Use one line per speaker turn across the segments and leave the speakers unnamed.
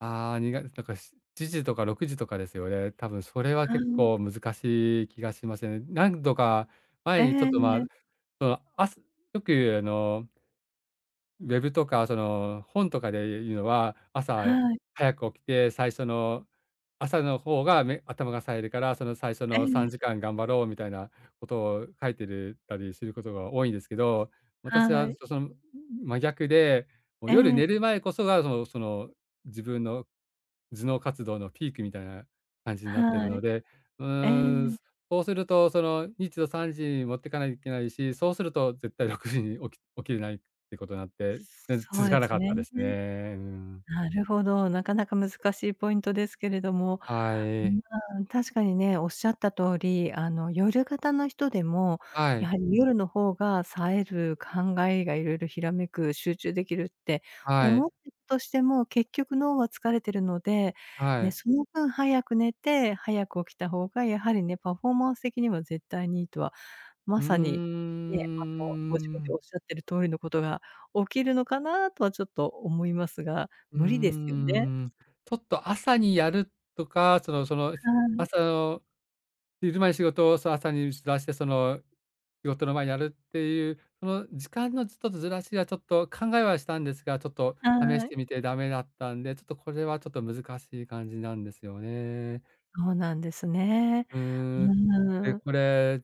ああ、にがだか、7時とか6時とかですよね。たぶんそれは
は、う
結
ん。
構難しい気がしません？何度か
え
前にちょっ
え、
と
ん、
まあ、
え。
その、あすよくあのウェブとかその、本とかで、いいうのは、朝、や
はい。
早く起きて最初の朝の方が、め頭が冴えるから、その最初
ええ、
のさ
え。
んじかん頑張ろうみたいなことを、う、書いてるたりすることが多いんですけど、私
は
は
い。
そそん、真逆で、も、
え
夜寝
え。
る前こそがそのその、自分の頭脳活動のピークみたいな感じになってる
は
の
い。
で、う
え
ーん、
え。
すそうすると、その、みつを3時に持ってかない、いけないし、そうすると絶対6時に起き起きれないってことなって、ぜん
そう
続
で
かな
す
か
よ
っ
ね。
たですね、うーん。
なるほど、なかなか難しいポイントですけれども。
は
うん、
い。
ああ、確かにね、おっしゃった通り、あの、夜型の人でも、
は
やは
い。
り夜の方が冴える、考えが色々ひらめく、集中できるって
はい。
思って、としても、結局脳は疲れてるので、
は
ね、
い。
その分早く寝て、早く起きた方が、やはりね、パフォーマンス的には絶対にいいとは、ま
うんうんうん
さに
うんうんう
ね、あの、ご自
ん
分
うんう
でおっ
ん。
しゃってる通りのことが起きるのかな？とはちょっと思いますが、
うー
無理ですよね？
ん。ちょっと朝にやるとか、そのその、
は
ま、
い。
その、昼間の仕事を、そ、朝に打ち出して、その、仕事の前にやるっていうその、時間のちょっとずずらしはちょっと考えはしたんですが、ちょっと試
は
し
い。
てみてダメだったんで、ちょっとこれはちょっと難しい感じなんですよね。
そうなんですね。
う
う
ーん、え、
ーん。
これ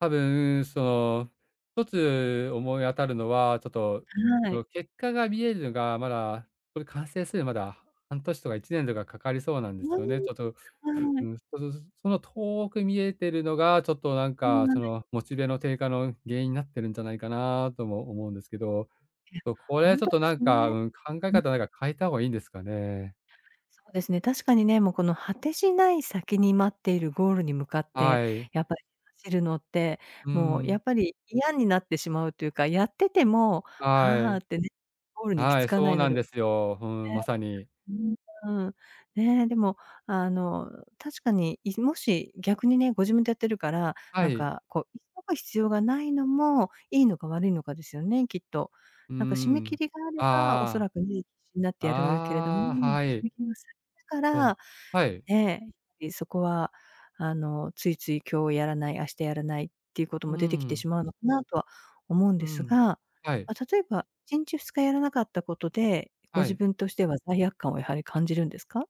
多分その、一つ思い当たるのは、ちょっと、
は
その、
い。
結果が見えるのが、まだ、これ完成する、まだ、半年とか1年とかかかりそうなんで
う
す
ー
よね、ちょちょ、
ん。は
う
い。
ん、こずつその、遠く見えてるのがちょっとなん
うん、
か、
が
そ
ね。
のモチベの低下の原因なってるんじゃないかな？とも思うんですけど。
いや、
と、これ
ほ
は
ん
ちょっ
と
と
で
な
す
んか、
ね。
うん、考え
うん。
方なんか変えた方がいいんですかね？
そうですね、確かにね、もうこの果てしない先に待っているゴールに向かって、
はい。
やっぱ、走るのって、
うん
も
う
うや
ん。
っぱり嫌になってしまうというか、やってても
は
「ハー」
い。
ってね、ゴールに行き
は
つ
い、
かな
そう
いの
なん
で。ね。
ですよ。ふん、まさに。
うん、あ、うん。ね。でも、あの、う、確かに、いずもし、逆にね、ご自分でやってるから、
は
なん
い。
かこう、急ぐ必要がないのも、いいのか悪いのかですよね、きっと。
うー
なんか締め切
ん。
りがあれば、おそ
ああ。
らくね、なってやるけれども、
あ、ああ、
締
はい。
め切りが先か
お、
ら、
はい。
ね、り、そこはあの、ついつい、今日やらない、明日やらないっていうこと
うん
も出てき
う
て
ん。
しまうのかなとは思うん
う
です
ん、
が。
はい。
ま、例えば、1日、2日やらなかったことで、ご
は
自
い。
分としては罪悪感をやはり感じるんですか？